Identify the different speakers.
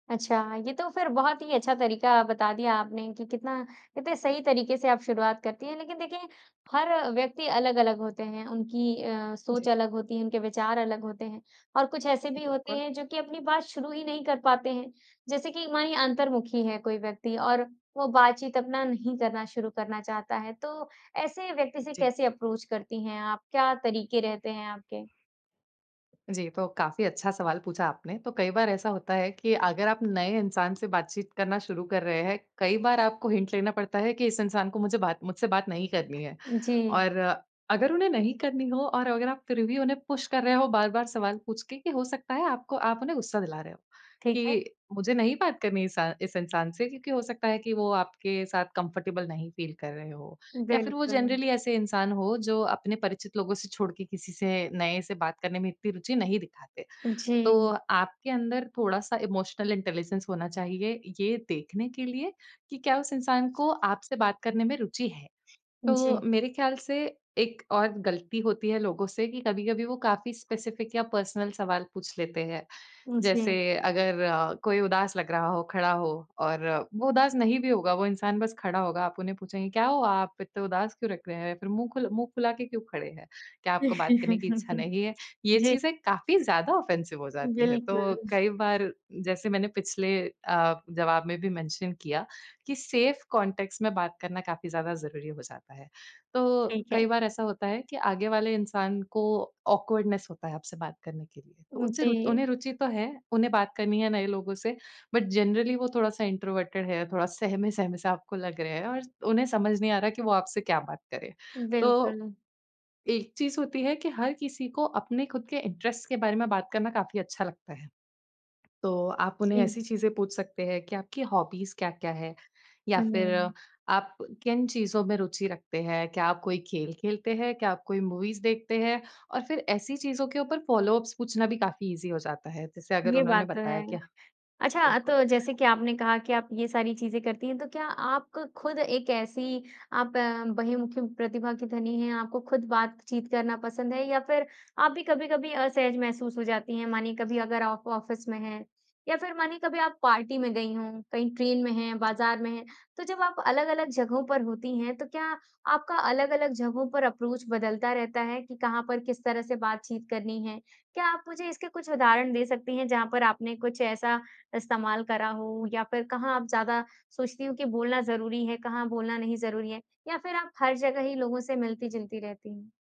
Speaker 1: अच्छा, ये तो फिर बहुत ही अच्छा तरीका बता दिया आपने कि कितना कितने सही तरीके से आप शुरुआत करती हैं। लेकिन देखिए, हर व्यक्ति अलग-अलग होते है, उनकी अ,
Speaker 2: जी।
Speaker 1: सोच अलग होती है, उनके विचार अलग होते हैं, और कुछ ऐसे भी होते
Speaker 2: बिल्कुल।
Speaker 1: हैं, जो कि अपनी बात शुरू ही नहीं कर पाते हैं। जैसे कि मानिए अंतर्मुखी हैं कोई व्यक्ति, और वो बातचीत अपना नहीं करना शुरू करना चाहता है, तो ऐसे व्यक्ति से
Speaker 2: जी।
Speaker 1: कैसे अप्रोच करती हैं आप? क्या तरीके रहते हैं आपके?
Speaker 2: जी, तो काफ़ी अच्छा सवाल पूछा आपने। तो कई बार ऐसा होता है कि अगर आप नए इंसान से बातचीत करना शुरू कर रहे हैं, कई बार आपको हिंट लेना पड़ता है कि इस इंसान को मुझे बात मुझसे बात नहीं करनी है।
Speaker 1: जी।
Speaker 2: और अगर उन्हें नहीं करनी हो और अगर आप फिर भी उन्हें पुश कर रहे हो बार-बार सवाल पूछ के, कि हो सकता है, आपको आप उन्हें गुस्सा दिला रहे हो,
Speaker 1: ठीक है।
Speaker 2: कि मुझे नहीं बात करनी इसा इस इंसान से। क्योंकि हो सकता है कि वो आपके साथ कम्फ़र्टेबल नहीं फ़ील कर रहे हों, या फिर वो
Speaker 1: बिल्कुल।
Speaker 2: जनरली ऐसे इंसान हों, जो अपने परिचित लोगों से छोड़ के किसी से नए से बात करने में इतनी रुचि नहीं दिखाते। तो
Speaker 1: जी।
Speaker 2: आपके अंदर थोड़ा-सा इमोशनल इंटेलिजेंस होना चाहिए, ये देखने के लिए कि क्या उस इंसान को आपसे बात करने में रुचि है। तो
Speaker 1: जी।
Speaker 2: मेरे ख़्याल से एक और गलती होती है लोगों से कि कभी-कभी वो काफ़ी स्पेसिफ़िक या पर्सनल सवाल पूछ लेते हैं।
Speaker 1: उ, जी।
Speaker 2: जैसे अगर अ, कोई उदास लग रहा हो, खड़ा हो और वो उदास नहीं भी होगा, वो इंसान बस खड़ा होगा, आप उन्हें पूछेंगे, "क्या हुआ? आप इतने उदास क्यों लग रहे हैं? फिर मुँह खुल मुँह फुला के क्यों खड़े हैं? क्या आपको बात करने की इच्छा नहीं है?" ये
Speaker 1: जी।
Speaker 2: चीज़ें काफ़ी ज़्यादा ऑफ़ेंसिव हो जाती हैं। तो
Speaker 1: बिल्कुल।
Speaker 2: कई बार, जैसे मैंने पिछले अ, जवाब में भी मेंशन किया कि सेफ़ कॉन्टेक्स्ट में बात करना काफ़ी ज़्यादा ज़रूरी हो जाता है। तो
Speaker 1: ठीक है।
Speaker 2: कई बार ऐसा होता है कि आगे वाले इंसान को ऑकवर्डनेस होता है आपसे बात करने के लिए। तो
Speaker 1: उ,
Speaker 2: उनसे रु
Speaker 1: जी।
Speaker 2: उन्हें रुचि तो है, उन्हें बात करनी है नए लोगों से, बट जनरली वो थोड़ा-सा इंट्रोवर्टेड हैं, थोड़ा सहमे सहमे से आपको लग रहे हैं और उन्हें समझ नहीं आ रहा है कि वो आपसे क्या बात करें। तो,
Speaker 1: बिल्कुल।
Speaker 2: एक चीज़ होती है कि हर किसी को अपने खुद के इंटरेस्ट के बारे में बात करना काफ़ी अच्छा लगता है। तो आप उन्हें ऐसी
Speaker 1: जी।
Speaker 2: चीज़ें पूछ सकते हैं कि आपकी हॉबीज़ क्या-क्या हैं या फिर
Speaker 1: हुँ।
Speaker 2: आप किन चीज़ों में रुचि रखते हैं? क्या आप कोई खेल खेलते हैं? क्या आप कोई मूवीज़ देखते हैं? और फिर ऐसी चीज़ के ऊपर फ़ॉलो-अप्स पूछना भी काफ़ी ईज़ी हो जाता है। जैसे अगर
Speaker 1: ये
Speaker 2: उन्होंने
Speaker 1: बात तो
Speaker 2: बताया
Speaker 1: है।
Speaker 2: कि
Speaker 1: अच्छा,
Speaker 2: बिल्कुल।
Speaker 1: तो जैसे कि आपने कहा कि आप ये सारी चीज़ें करती हैं, तो क्या आप क खुद एक ऐसी आप बहिर्मुखी प्रतिभा की धनी हैं, आपको खुद बातचीत करना पसंद है या फिर आप भी कभी-कभी असहज महसूस हो जाती हैं? मानिए कभी अगर आप ऑफ़िस में हैं, या फिर मानिए कभी आप पार्टी में गईं हों, कहीं ट्रेन में हैं,
Speaker 2: जी।
Speaker 1: बाज़ार में हैं, तो जब आप अलग-अलग जगहों पर होती हैं, तो क्या आपका अलग-अलग जगहों पर अप्रोच बदलता रहता है कि कहाँ पर किस तरह से बातचीत करनी है? क्या आप मुझे इसके कुछ उदाहरण दे सकती हैं, जहाँ पर आपने कुछ ऐसा इस्तेमाल करा हो, या फिर कहाँ आप ज़्यादा सोचती हो कि बोलना ज़रूरी है, कहाँ बोलना नहीं ज़रूरी है? या फिर आप हर जगह ही लोगों से मिलती-जुलती रहती हैं?